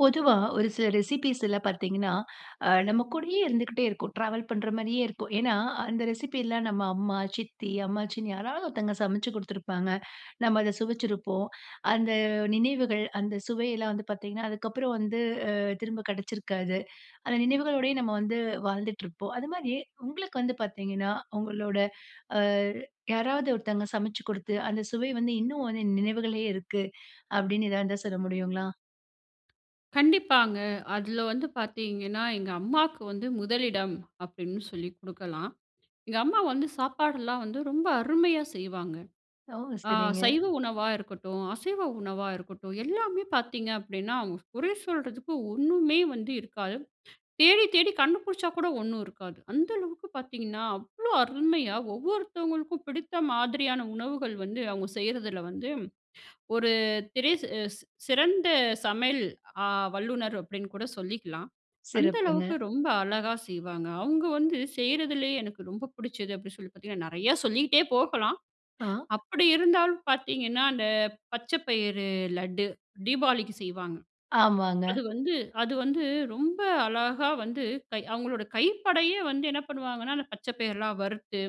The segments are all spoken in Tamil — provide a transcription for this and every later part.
பொதுவா ஒரு சில ரெசிப்பீஸ்ல பாத்தீங்கன்னா, ஆ நம்ம கூடயே இருந்துக்கிட்டே இருக்கும். ட்ராவல் பண்ற மாரியே இருக்கும். ஏன்னா அந்த ரெசிப்பில்லாம் நம்ம அம்மா, சித்தி, அம்மாச்சின்னு யாராவது ஒருத்தவங்க சமைச்சு குடுத்துருப்பாங்க. நம்ம அத சுவைச்சிருப்போம். அந்த நினைவுகள் அந்த சுவையெல்லாம் வந்து பாத்தீங்கன்னா, அதுக்கப்புறம் வந்து அ திரும்ப கிடைச்சிருக்காது. அந்த நினைவுகளோடயே நம்ம வந்து வாழ்ந்துட்டுருப்போம். அது மாரி உங்களுக்கு வந்து பாத்தீங்கன்னா, உங்களோட ஆ யாராவது ஒருத்தவங்க சமைச்சு குடுத்து, அந்த சுவை வந்து இன்னும் வந்து நினைவுகள்லயே இருக்கு. அப்படின்னு எதாவது இருந்தா சொல்ல முடியுங்களா? கண்டிப்பாங்க. அதுல வந்து பாத்தீங்கன்னா, எங்க அம்மாக்கு வந்து முதலிடம் அப்டின்னு சொல்லி குடுக்கலாம். எங்க அம்மா வந்து சாப்பாடுல்லாம் வந்து ரொம்ப அருமையா செய்வாங்க. ஓ! ஆ சரிங்க. சைவ உணவா இருக்கட்டும், அசைவ உணவா இருக்கட்டும், எல்லாமே பார்த்தீங்க அப்டின்னா, அவுங்க குறை சொல்றதுக்கு ஒண்ணுமே வந்து இருக்காது. தேடி தேடி கண்டு புடிச்சா கூட ஒண்ணும் இருக்காது. அந்த அளவுக்கு பாத்தீங்கன்னா, அவ்ளோ அருமையா ஒவ்வொருத்தங்களுக்கும் பிடித்த மாதிரியான உணவுகள் வந்து, அவுங்க செய்யறதுல வந்து, ஒரு திரை சே ஸ் அ சிறந்த சமையல் அ வல்லுநர் அப்டின்னு கூட சொல்லிக்கலாம். அந்த சிறப்புங்க! அளவுக்கு ரொம்ப அழகா செய்வாங்க. அவுங்க வந்து செய்றதிலேயே எனக்கு ரொம்ப புடிச்சது, அப்டி சொல்லி பாத்தீங்கன்னா, நெறையா சொல்லிகிட்டே போகலாம். ஆ. அப்படி இருந்தாலும் பாத்தீங்கன்னா, அந்த பச்ச பயிறு லட்டு, தீபாவளிக்கு செய்வாங்க. ஆமாங்க. அது வந்து அது வந்து ரொம்ப அழகா வந்து கை அவுங்களோட கைப்படயே வந்து என்ன பண்ணுவாங்கன்னா? அந்த பச்சை பயர்லாம் வறுத்து,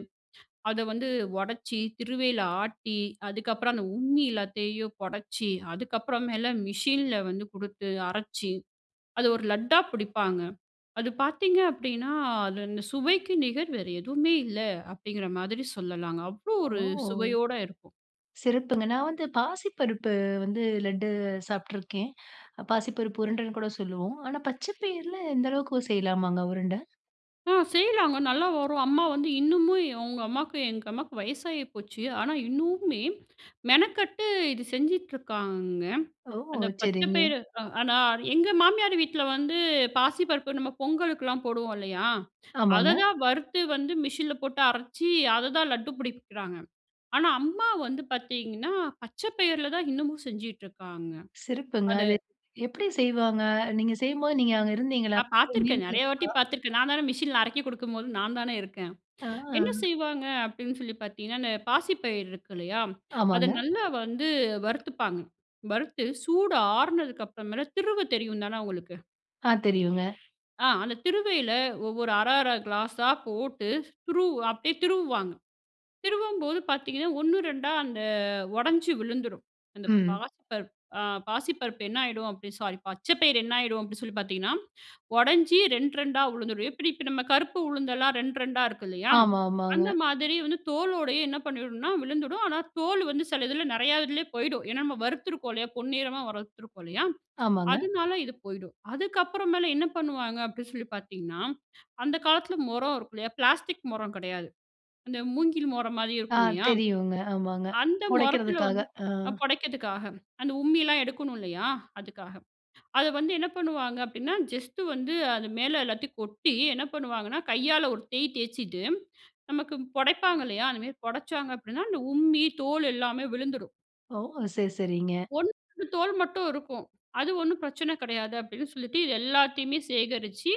அத வந்து ஒடைச்சி திருவையில ஆட்டி, அதுக்கப்பறம் அந்த உம்மி எல்லாத்தையும் பொடச்சு, அதுக்கப்புறமேல மிஷின்ல வந்து குடுத்து அரைச்சு, அத ஒரு லட்டா பிடிப்பாங்க அது பாத்தீங்க அப்படின்னா, அது அந்த சுவைக்கு நிகர் வேற எதுவுமே இல்ல! அப்படிங்குற மாதிரி சொல்லலாங்க. அவ்ளோ ஓ! ஒரு சுவையோட இருக்கும். சிறப்புங்க! நான் வந்து பாசிப்பருப்பு வந்து லட்டு சாப்ட்டுருக்கேன். பாசிப்பருப்பு உருண்டன்னு கூட சொல்லுவோம். ஆனா பச்ச பயிர்ல இந்த அளவுக்கு செய்யலாமாங்க உருண்ட? ஆ. செய்யலாங்க நல்லா வரும். அம்மா வந்து இன்னுமும், ஏ உங்க அம்மாக்கு, எங்க அம்மாக்கு வயசாகி போச்சு, ஆனா இன்னும்மே மெனக்கட்டு இது செஞ்சுட்ருக்காங்க. ஓ! அந்த பச்சை சரிங்க. பயறு, அ ஆனா எங்க மாமியார் வீட்ல வந்து பாசிப்பருப்பு, நம்ம பொங்கலுக்கெல்லாம் போடுவோம் இல்லையா, அதை ஆமாங்க. தான் வறுத்து வந்து மிஷினில போட்டு அரைச்சு, அதைதான் லட்டு பிடிக்குறாங்க. ஆனா அம்மா வந்து பார்த்தீங்கன்னா, பச்சை பயிரில தான் இன்னமும் செஞ்சிட்டுருக்காங்க. சிறப்புங்க. அது அது எப்படி செய்வாங்க? நீங்க செய்யும்போது, நீங்க அங்கே இருந்தீங்களா? நான் பாத்திருக்கேன். நிறையா வாட்டி [unintelligible] பாத்திருக்கேன். நான் தானே மெஷின்ல அரைக்க குடுக்கும்போது, நான் தானே இருக்கேன். ஆ. என்ன செய்வங்க அப்படின்னு சொல்லி பாத்தீங்கன்னா, இந்த பாசிப்பயிர் இருக்கு இல்லையா, அதை ஆமாங்க. நல்ல வந்து வறுத்துப்பாங்க. வறுத்து, சூடு அருனதுக்கு அப்புறம்மேல, திருவ தெரியும் தானே உங்களுக்கு. ஆ. தெரியுங்க. ஆ. அந்த திருவையில ஒவ்வொரு அரை அரை கிளாசா போட்டு திருவ அப்படியே திருவுவாங்க. திருவம்போது பார்த்தீங்கன்னா, ஓண்ணு 2 அந்த உடைஞ்சு விழுந்துடும். அந்த ம். பாசிப்பருப் அ பாசிப்பருப்பு என்னாயிடும், அப்படி சாரி பச்சை பயிர் என்னாயிடும் அப்படின்னு சொல்லி பார்த்தீங்கன்னா, உடைஞ்சு ரெண்ட் 2டா விழுந்துரும். எப்படி இப்ப நம்ம கருப்பு உளுந்தெல்லாம் ரெண்ட் 2டா இருக்கு இல்லையா, ஆமா. ஆமாங்க. அந்த மாதிரி வந்து தோலோடயே என்ன பண்ணிடும்னா விழுந்துடும். ஆனா தோலு வந்து சில இதில நிறையா இதுலயே போயிடும், ஏன்னா நம்ம வறுத்துருக்கோம் இல்லையா, பொன்னிறமா வறுத்துருக்கோம் இல்லையா, ஆமாங்க. அதனால இது போயிடும். அதுக்கப்புற மேல என்ன பண்ணுவாங்க அப்படின்னு சொல்லி பார்த்தீங்கன்னா, அந்த காலத்தில முறம் இருக்கும் இல்லையா, பிளாஸ்டிக் முறம் கிடையாது, அந்த மூங்கில் முறம் மாதிரி ஆ. இருக்கும் இல்லையா? தெரியுங்க. ஆமாங்க. அந்த முறத்தில புடைக்கிறதுக்காக. வந்து அ. அ புடைக்கிறதுக்காக அந்த உம்மி எல்லாம் எடுக்கணும் இல்லையா, அதுக்காக அதை வந்து என்ன பண்ணுவாங்க அப்படின்னா, ஜஸ்ட் வந்து அது மேல எல்லாத்தையும் கொட்டி, என்ன பண்ணுவாங்கன்னா, கையால ஒரு தேய் தேய்ச்சுட்டு, நமக்கு புடைப்பாங்க இல்லையா, அது மாதிரி புடைச்சாங்க அப்படின்னா, அந்த உம்மி தோல் எல்லாமே விழுந்துடும். ஓ! சரி, சரிங்க. ஒன் [unintelligible] தோல் மட்டும் இருக்கும். அது ஒண்ணும் பிரச்சனை கிடையாது, அப்படின்னு சொல்லிட்டு, இது எல்லாத்தையுமே சேகரிச்சு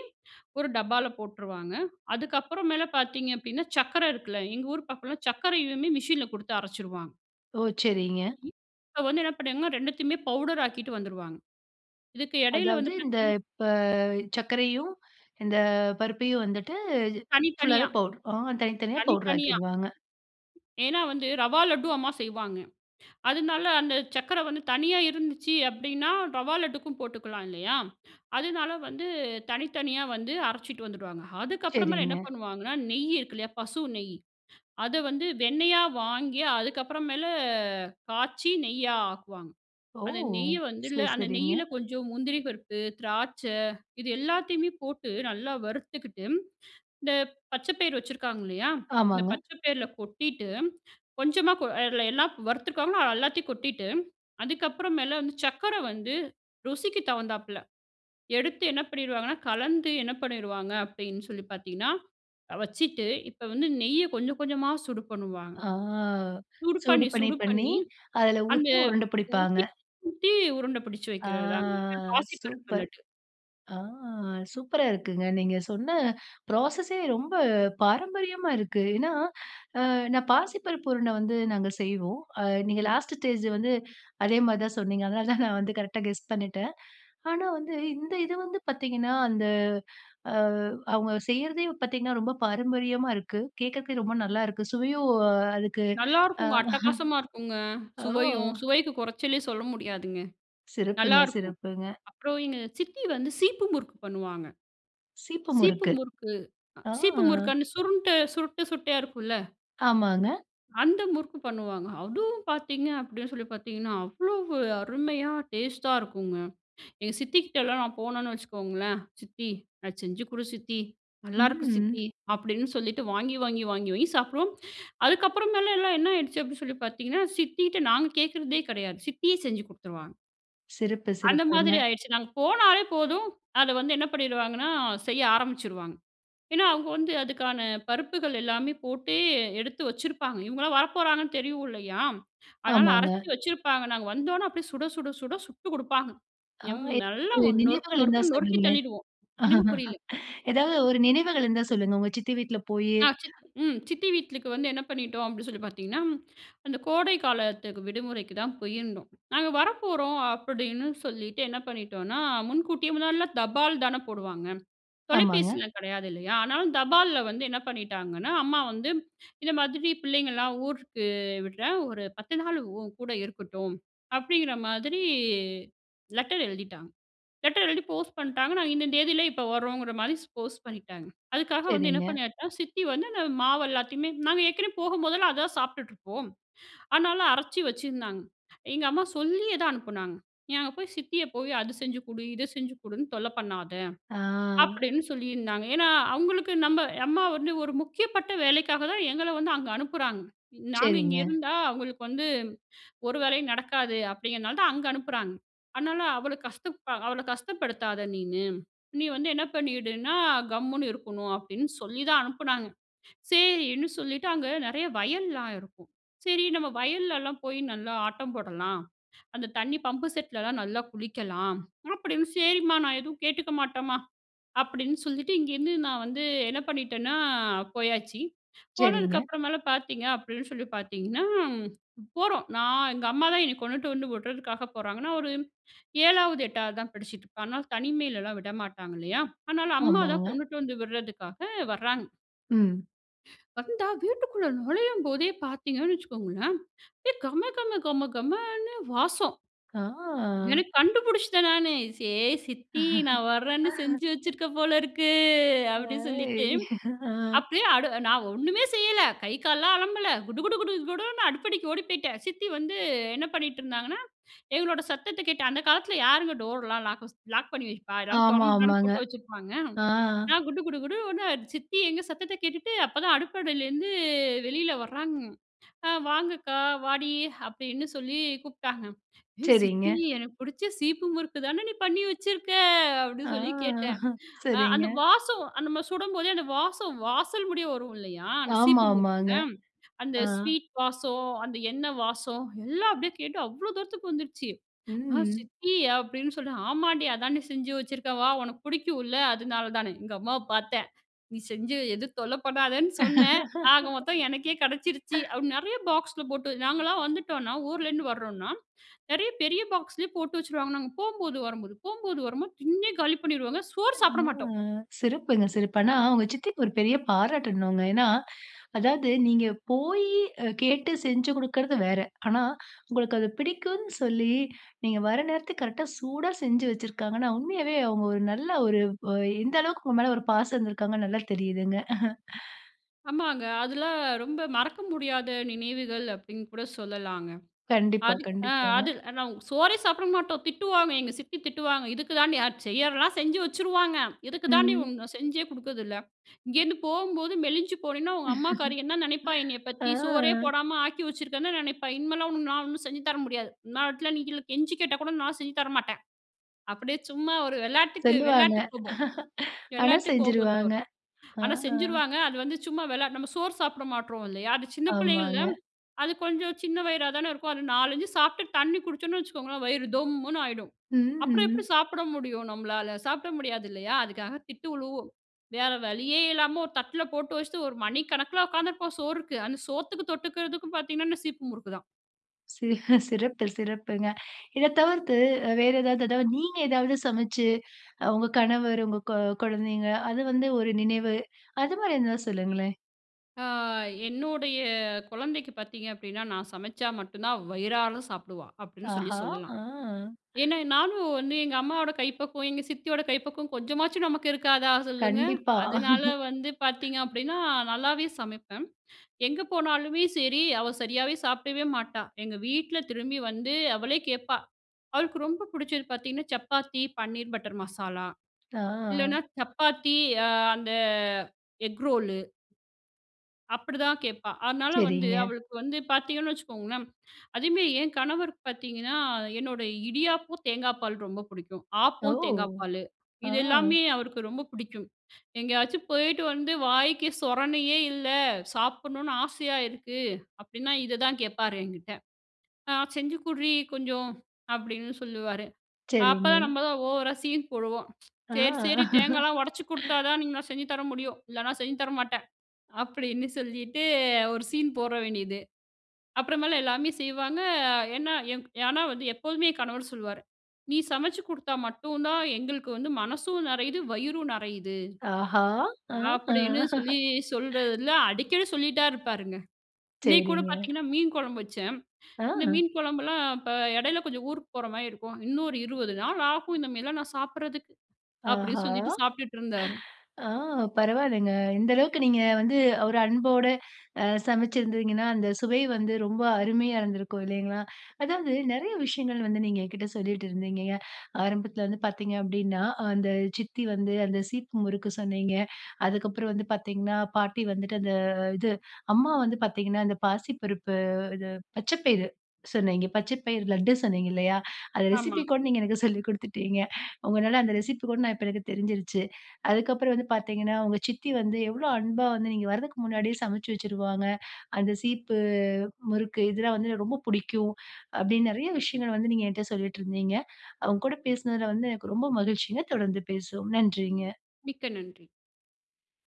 ஒரு டப்பால போட்டுருவாங்க. அதுக்கப்புறம் மேலே பார்த்தீங்க அப்படின்னா, சர்க்கரை இருக்குல்ல, எங்க ஊர் பக்கத்தில சர்க்கரையுமே மெஷினில கொடுத்து அரைச்சுடுவாங்க. ஓ! சரிங்க. ம், இப்ப வந்து என்ன பண்ணாங்கன்னா 2த்தையுமே பவுடர் ஆக்கிட்டு வந்துருவாங்க, இதுக்கு இடையில அதாவது வந்து இந்த பார்த்தீங்கன்னா இப்ப சர்க்கரையும், இந்த பருப்பையும் வந்துட்டு, தனித்தனியா. ஃபுல்லாவே பவுடர், அ தனித்தனியா பவுடர் தனித்தனியா. ஆக்கிடுவாங்க. ஏன்னா வந்து ரவா லட்டு அம்மா செய்வாங்க, அதனால அந்த சர்க்கரை வந்து தனியா இருந்துச்சு அப்படின்னா, ரவா லட்டுக்கும் போட்டுக்கலாம் இல்லையா? அதனால வந்து தனித்தனியா வந்து அரைச்சிட்டு வந்துடுவாங்க. அதுக்கப்புறமேல் என்ன சரிங்க. பண்ணுவாங்கன்னா, நெய் இருக்கு இல்லையா, பசு நெய், அதை வந்து வெண்ணெயா வாங்கி அதுக்கப்புற மேல காய்ச்சி நெய்யா ஆக்குவாங்க. ஓ! அந்த நெய்யை வந்து இல்ல சரி, அந்த சரிங்க. நெய்யில கொஞ்சம் முந்திரி பருப்பு, திராட்சை இது எல்லாத்தையுமே போட்டு, நல்லா வறுத்துகிட்டு, இந்த பச்சை பயிர் வச்சுருக்காங்க இல்லையா, இந்த ஆமாங்க. பச்சை பயிரில கொட்டிட்டு, கொஞ்சமா அதில எல்லாம் வறுத்துருக்காங்கன்னா எல்லாத்தையும் கொட்டிட்டு, அதுக்கப்புறம் மேல வந்து சர்க்கரை வந்து ருசிக்குத் தகுந்தாப்புல, எடுத்து என்ன பண்ணிடுவாங்கன்னா, கலந்து என்ன பண்ணிடுவாங்க அப்படின்னு சொல்லி பார்த்தீங்கன்னா, வச்சுட்டு இப்போ வந்து நெய்யை கொஞ்சம் கொஞ்சமா சூடு பண்ணுவாங்க. ஆ சூடு பண்ணி, சூடுப்பண்ணி, சூடு பண்ணி, பண்ணி, அதில அந்த ஊத்தி உருண்டை பிடிப்பாங்க. ஊத்தி, ஊத்தி உருண்டை பிடிச்சு ஆ! வைக்கிறதுதாங்க, இந்த பாசிப்பருப்பு சூப்பர். லட்டு. ஆ! சூப்பரா இருக்குங்க, நீங்க சொன்ன ப்ராசஸே ரொம்ப பாரம்பரியமா இருக்கு. ஏன்னா, நான் பாசிப்பருப்பு உருண்ட வந்து நாங்க செய்வோம், அ நீங்க ம். லாஸ்ட்டு ஸ்டேஜ் வந்து அதேமாதிரி தான் சொன்னீங்க, அதனால தான் நான் வந்து கரெக்ட்டா கெஸ் பண்ணிட்டேன், ஆனா வந்து இந்த இது வந்து பார்த்தீங்கன்னா, அந்த அவங்க செய்றதையும் பார்த்தீங்கன்னா, ரொம்ப பாரம்பரியமா இருக்கு, கேட்கறதுக்கே ரொம்ப நல்லாருக்கு, சுவையும் அதுக்கு அ. நல்லாருக்குங்க அட்டகாசமா இருக்குங்க, ஓ! சுவையும். சுவைக்கு குறைச்சலே சொல்ல முடியாதுங்க, சிறப்புங்க, நல்லாருக்கும். சிறப்புங்க. அப்புறம் எங்க சித்தி வந்து சீப்பு முறுக்கு பண்ணுவாங்க. சீப்பு சீப்பு முறுக்கு. முறுக்கு, ஆ. சீப்பு முறுக்கு அந்த சுருண்டு, சுருட்ட சுட்டையா இருக்கும்ல ஆமாங்க. அந்த முறுக்கு பண்ணுவாங்க, அதுவும் பார்த்தீங்க அப்படின்னு சொல்லி பார்த்தீங்கன்னா, அவ்வளவு அருமையா டேஸ்ட்டா இருக்குங்க, எங்க சித்திகிட்டலாம் நான் போனேன்னு வச்சுக்கோங்களேன், "சித்தி! அத செஞ்சு கொடு சித்தி. நல்லாருக்கு ம். சித்தி." அப்படின்னு சொல்லிட்டு வாங்கி, வாங்கி, வாங்கி, வாங்கி சாப்பிடுவோம், அதுக்கப்புறமேல எல்லாம் என்ன ஆயிடுச்சு அப்படின்னு சொல்லி பார்த்தீங்கன்னா, சித்திகிட்ட நாங்க கேட்கிறதே கிடையாது, சித்தியே செஞ்சு கொடுத்துருவாங்க. சிறப்பு! அந்த மாதிரி சிறப்புங்க! ஆயிடுச்சு. நாங்க போனாலே போதும், அத வந்து என்ன பண்ணீடுவாங்கன்னா? செய்ய ஆரம்பிச்சுவாங்க. ஏனா, அவங்க வந்து அதுக்கான பருப்புகள் எல்லாமே போட்டு எடுத்து வச்சிருப்பாங்க, இவங்களலாம் வரப்போறாங்கன்னு தெரியும் இல்லையா? அதனால, ஆமாங்க. அரைச்சி வச்சிருப்பாங்க, நாங்க வந்தோனே, அப்டியே சுட சுட சுட சுட்டு கொடுப்பாங்க. ஆ! எம் நல்லா எப்போ நொறுக்கு நினைவுகள் இருந்தா நொறுக்கு நொறுக்கி சொல்லுங்களேன்? தள்ளீடுவோம். என்னங்க புரியல. எதாவது ஒரு நினைவுகள் இருந்தா சொல்லுங்க, உங்க சித்தி வீட்ல போயி அ சித்தி ம் சித்தி வீட்லுக்கு வந்து என்ன பண்ணிட்டோம் அப்டி சொல்லி பார்த்தீங்கன்னா, அந்த கோடை காலத்துக்கு விடுமுறைக்கு தான் போயிருந்தோம். நாங்க வரப்போறோம் அப்டின்னு சொல்லிட்டு என்ன பண்ணிட்டோனா, முன்கூட்டியே முன்னாடிலாம் தபால் தானே போடுவாங்க. ஆமாங்க. தொலைபேசிலாம் கிடையாது இல்லையா? ஆனாலும் தபால்ல வந்து என்ன பண்ணீட்டாங்கன்னா, அம்மா வந்து இந்த மாதிரி பிள்ளைங்கலாம் ஊருக்கு விடுறேன், ஒரு பத்து நாள் உன்கூட இருக்கட்டும், அப்டிங்கிற மாதிரி லெட்டர் எழுதிட்டாங்க. லெட்டர் எழுதி போஸ்ட் பண்ணிட்டாங்க. நாங்க இந்த தேதியில இப்போ வரோங்கிற மாதிரி ஸ் போஸ்ட் பண்ணிட்டாங்க. அதுக்காக வந்து என்ன சரிங்க. பண்ணியாச்சா, சித்தி வந்து அந்த மாவு எல்லாத்தையுமே, நாங்க ஏற்கனவே போகும்போதெல்லாம் அதுதான் சாப்பிட்டுட்டு இருப்போம். அதனால, அரைச்சி வச்சிருந்தாங்க. எங்க அம்மா சொல்லியே தான் அனுப்பினாங்க, "நீ அங்க போய் சித்திய போய் அது செஞ்சு கொடு, இத செஞ்சு கொடுன்னு தொல்ல பண்ணாத!" ஆ! அப்டின்னு சொல்லியிருந்தாங்க. ஏனா, அவங்களுக்கு நம்ம அம்மா வந்து ஒரு முக்கியப்பட்ட வேலைக்காக தான் எங்கள வந்து அங்க அனுப்புறாங்க. நாங்க இங்க சரிங்க. இருந்தா, அவங்களுக்கு வந்து ஒரு வேலையும் நடக்காது அப்டிங்கிறனால தான் அங்க அனுப்புறாங்க. அதனால, "அவள கஷ்ட அவள கஷ்டப்படுத்தாத நீனு. நீ வந்து என்ன பண்ணிடுனா, கம்முனு இருக்கணும்" அப்டின்னு சொல்லி தான் அனுப்புனாங்க. சேரின்னு சொல்லிட்டு, அங்க நெறைய வயல்லாம் இருக்கும். சரி நம்ம வயல்லலாம் போய் நல்லா ஆட்டம் போடலாம். அந்த தண்ணி பம்பு செட்லலாம் நல்லா குளிக்கலாம். அப்டின்னு, "சேரிம்மா! நான் எதுவும் கேட்டுக்க மாட்டேன்மா." அப்டின்னு சொல்லிட்டு இங்கேருந்து நான் வந்து என்ன பண்ணிட்டேனா, போயாச்சு. சரிங்க. போனதுக்கு அப்புறமேலாம் பார்த்தீங்க அப்டின்னு சொல்லி பார்த்தீங்கன்னா, போறோம் நான் எங்க அம்மாதான் என்ன கொண்டுட்டு வந்து விடுறதுக்காக போறாங்க. நான் ஒரு 7, 8 தான் படிச்சிட்டுருப்பேன், அதனால தனிமையிலலாம் விடமாட்டாங்க இல்லையா? அதனால அம்மா தான் ஆமாங்க. கொண்டுட்டு வந்து விடுறதுக்காக வர்ராங்க. ம். வந்தா, வீட்டுக்குள்ள நுழையும் போதே பார்த்தீங்கன்னு வச்சுக்கோங்களேன், ஏ கம கம கம கமன்னு வாசம். ஆ. எனக்கு கண்டுபுடிச்சுட்டேன் நானே, "சே! சித்தி நா வரேன்னு செஞ்சு வச்சுருக்க போல இருக்கு." அப்படீன்னு சொல்லிட்டு ஹேய்! அ. அப்படியே அடு நான் ஒண்ணுமே செய்யல. கை, கால்லலாம் அலம்பல. குடு குடு குடு குடுன்னு அடுப்படிக்கு ஓடி போய்ட்டேன். சித்தி வந்து என்ன பண்ணீட்டுருந்தாங்கன்னா, எங்களோட சத்தத்த கேட்டு அந்த காலத்தில யாருங்க டோர்லாம் லாக்கூஸ் லாக் பண்ணி வைப்பா? எல்லாரும் ஆமா, தொறந்து தான ஆமாங்க. போட்டு வச்சிருப்பாங்க. ஆ. நான் குடு குடு குடுன்னு ஒடுனேன், சித்தி எங்க சத்தத்த கேட்டுட்டு, அப்பதான் அடுப்படியிலேருந்து வெளியில வராங்க. "ஆ! வாங்க அக்கா, வாடி" அப்படீன்னு சொல்லி கூப்ட்டாங்க. "ஏ சரிங்க. சித்தி! எனக்கு புடிச்ச சீப்பு முறுக்கு தான நீ பண்ணி வச்சுருக்க?" ஆ. அப்படீன்னு சொல்லி கேட்டேன். அ சரிங்க. அந்த வாசம் அந்த மாரி சுடும்போதே அந்த வாசம், வாசல் முடிய வரும் இல்லையா? அந்த ஆமா, சீப்பு முறுக்குல. ஆமாங்க. அந்த ஆ. ஸ்வீட் வாசம், அந்த எண்ணெய் வாசம். எல்லாம் அப்படியே கேட்டு, அவ்வளோ தூரத்துக்கு வந்துடுச்சு. "ஆ! ம். சித்தி!" அப்படீன்னு சொல்றேன், ஆமாண்டி, அதான்டி செஞ்சு வச்சுருக்கேன். வா! உனக்கு புடிக்கும் இல்ல. அதனால தான்னு. எங்க அம்மாவ பார்த்தேன். "நீ செஞ்சு எது தொல்ல பண்ணாதன்னு சொன்னேன். ஆக மொத்தம் எனக்கே கெடைச்சிருச்சு." அப்படி. நெறைய பாக்ஸ்ல போட்டு நாங்கலாம் வந்துட்டோம்னா, ஊர்லேருந்து வரோம்னா, நெறைய பெரிய பாக்ஸ்லயே போட்டு வச்சுடுவாங்க. நாங்க போகும்போது, வரும்போது ,போகும்போது, வரும்போது, திண்ணே காலி பண்ணீருவோங்க. சோறு ஆ. சாப்ட மாட்டோம். சிறப்புங்க! சிறப்பு! ஆனா, உங்க சித்திக்கு ஒரு பெரிய பாராட்டணும்ங்க. ஏன்னா? அதாவது நீங்க போயி அ கேட்டு, செஞ்சு குடுக்குறது வேற. ஆனா, உங்களுக்கு அது பிடிக்கும்னு சொல்லி, நீங்க வர நேரத்துக்கு, கரெக்ட்டா சூடா செஞ்சு வச்சிருக்காங்கன்னா, உண்மையாவே அவங்க ஒரு நல்ல ஒரு அ எந்த அளவுக்கு உங்க மேல ஒரு பாசம் இருந்துருக்காங்கன்னு, நல்லா தெரியுதுங்க. ஆமாங்க அதெல்லாம் ரொம்ப மறக்க முடியாத நினைவுகள் அப்டின்னு கூட சொல்லலாங்க. கண்டிப்பா. அதுக் அ அது கண்டிப்பாங்க. அ நாங் சோறே சாப்ட மாட்டோம். திட்டுவாங்க. எங்க சித்தி திட்டுவாங்க. "இதுக்குதாண்டி" அ செய்யறலாம் செஞ்சு வச்சுருவாங்க. "இதுக்குதாண்டி ம். உன் நா செஞ்சே குடுக்குறதுல்ல. இங்கேருந்து போம்போது மெலிஞ்சு போனன்னா, உங்க அம்மாக்காரி என்னா நினைப்பா என்னைய ஆ. பத்தி? சோறே போடாம ஆக்கி வச்சுருக்கன்ல நெனைப்பா, இனிமேலாம் உனக்கு நான் ஒண்ணும் செஞ்சு தர முடியாது. என்னா ஆகட்ன்னாலும் நீங் எல்லா கெஞ்சி கேட்டா கூட நான் செஞ்சு தரமாட்டேன்"அப்டியே சும்மா ஒரு வெளாட்டுக்கு, சொல்லுவாங்க. வெளாட்டு கோபம், ஆனா, வெளாட்டு கோபத்துல செஞ்சுருவாங்க. வரும். ஆ! ஆனா செஞ்சுருவாங்க. அது வந்து சும்மா வெளா நம்ம சோறு சாப்பிட மாட்றோம் இல்லையா? அது சின்ன பிள்ளைங்கள்ல, ஆமாங்க. அது கொஞ்சம் சின்ன வயிறா தானே இருக்கும். அது 4,5 சாப்ட்டு தண்ணி குடிச்சோம்ன்னு வச்சுக்கோங்களேன், வயிறு தொம்முன்னு ஆயிடும். அப்புறம் எப்டி ம். சாப்ட முடியும் நம்பளால? சாப்பிட முடியாது இல்லையா! அதுக்காக திட்டு விழுவும். வேற வழியே இல்லாமல ஒரு தட்ல போட்டு வச்சுட்டு 1 மணிக்கணக்கில உக்காந்துருப்போம். சோறுக்கு, அந்த சோத்துக்கு தொட்டுக்கிறதுக்கு பாத்தீங்கன்னானா சீப்பு முருக்கு தான். சி சிறப்பு சிறப்புங்க. இத தவிர்த்து அ வேற ஏதாவது அதாவது நீங்க ஏதாவது சமச்சு, அ உங்க கணவர் உங்க கொ கொழந்தைங்க அது வந்து ஒரு நினைவு? அது மாரி எதனா சொல்லுங்களேன். ஆ, என்னுடைய குழந்தைக்கு பாத்தீங்க அப்படின்னா நான் சமைச்சா மட்டும் தான் வயிறார சாப்புடுவா, அப்படின்னு சொல்லி ஆஹா! சொல்லலாம். ஆ. ஏன்னா நானும் வந்து எங்க அம்மாவோட கைப்பக்குவம், எங்க சித்தியோட கைப்பக்குவம் கொஞ்சமாச்சும் நமக்கு இருக்காதா சொல்லுங்க. கண்டிப்பா. அதனால வந்து பாத்தீங்க அப்படின்னா நல்லாவே சமைப்பேன். எங்க போனாலுமே சரி அவ சரியாவே சாப்பிடவே மாட்டா எங்க வீட்ல திரும்பி வந்து அவளே கேட்பா அவளுக்கு ரொம்ப பிடிச்சது பாத்திங்கன்னா சப்பாத்தி பன்னீர் பட்டர் மசாலா, ஆ. இல்லனா சப்பாத்தி அந்த எக் ரோலு அப்படிதான் கேட்பா. அதனால வந்து சரிங்க. அவளுக்கு வந்து பாத்தீங்கன்னு வச்சுக்கோங்களேன் அதேமேரி என் கணவருக்கு பாத்திங்கன்னா என்னோட இடியாப்பம் தேங்காய் பால் ரொம்ப பிடிக்கும், ஓ! ஆப்பம் தேங்காய் பாலு, இது ஆ! எல்லாமே அவருக்கு ரொம்ப பிடிக்கும். எங்கேயாச்சும் போயிட்டு வந்து வாய்க்கு சொரணையே இல்லை சாப்புடன்னும் ஆசையா இருக்கு அப்படின்னா இத தான் கேட்பாரு என்கிட்ட. ஹ "செஞ்சுகுற்றி கொஞ்சம்" அப்படின்னு சொல்லுவாரு. அப்பதான் சரிங்க. நம்ம தான் ஓவரா சீன் போடுவோம், ஆ! "சரி, சரி தேங்காலா ஒடச்சி கொடுத்தா தான் என்னால செஞ்சு தர முடியும் இல்லைனா செஞ்சு தர மாட்டேன்."அப்படின்னு சொல்லிட்டு ஒரு சீன் போட வேண்டியது. அப்புறமேல் எல்லாமே செய்வாங்க, ஏன்னா ஏன்னா வந்து எப்போதுமே என் கணவர் சொல்லுவாரு, "நீ சமைச்சு கொடுத்தா மட்டும் தான் எங்களுக்கு வந்து மனசும் நெறையுது, வயிறும் நெறையுது." ஆஹா! ஆ! அப்படின்னு சொல்லி சொல்றதுல அடிக்கடி சொல்லிட்டே இருப்பாருங்க. இன்னைக்கு கூட சரிங்க. பாத்திங்கன்னா மீன் குழம்பு வச்சேன் இந்த ஆ! மீன் குழம்புலாம் இப்ப இடையில கொஞ்சம் ஊருக்கு போற மாரி இருக்கும், "இன்னும் ஒரு 20 நாள் ஆகும் இந்த மேரிலாம் நான் சாப்பிடுறதுக்கு," ஆஹ! அப்படின்னு சொல்லிட்டு சாப்புட்டுட்டு இருந்தாரு. ஆ பரவால்லங்க. இந்த அளவுக்கு நீங்க வந்து ஒரு அன்போட அ சமைச்சிருந்தீங்கன்னா அந்த சுவை வந்து ரொம்ப அருமையா இருந்திருக்கும் இல்லைங்களா. அதாவது நெறைய விஷயங்கள் வந்து நீங்க என்கிட்ட சொல்லீட்டுருந்திங்கங்க, ஆரம்பத்துல வந்து பாத்தீங்க அப்படின்னா அந்த சித்தி வந்து அந்த சீப்பு முறுக்கு சொன்னீங்க, அதுக்கப்புறம் வந்து பார்த்தீங்கன்னா பாட்டி வந்துட்டு அந்த இது, அம்மா வந்து பாத்தீங்கன்னா அந்த பாசிப்பருப்பு இது பச்ச பயிறு சொன்னீங்க பச்ச பயிரு லட்டு சொன்னீங்க இல்லையா, அந்த ஆமா. ரெசிப்பி கூட நீங்க எனக்கு சொல்லி கொடுத்துட்டீங்க உங்களால அந்த ரெசிப்பி கூட நான் இப்ப எனக்கு தெரிஞ்சிடுச்சு. அதுக்கப்புறம் வந்து பாத்தீங்கன்னா உங்க சித்தி வந்து எவ்வளோ அன்பா வந்து நீங்க வரர்துக்கு முன்னாடியே சமைச்சு வச்சுருவாங்க, அந்த சீப்பு முறுக்கு இதெல்லாம் வந்து எனக்கு ரொம்ப பிடிக்கும் அப்படின்னு நிறைய விஷயங்கள் வந்து நீங்க என்கிட்ட சொல்லிட்ருந்திங்க, உங்க கூட பேசினதுல வந்து எனக்கு ரொம்ப மகிழ்ச்சிங்க தொடர்ந்து பேசுவோம், நன்றிங்க. மிக்க நன்றி.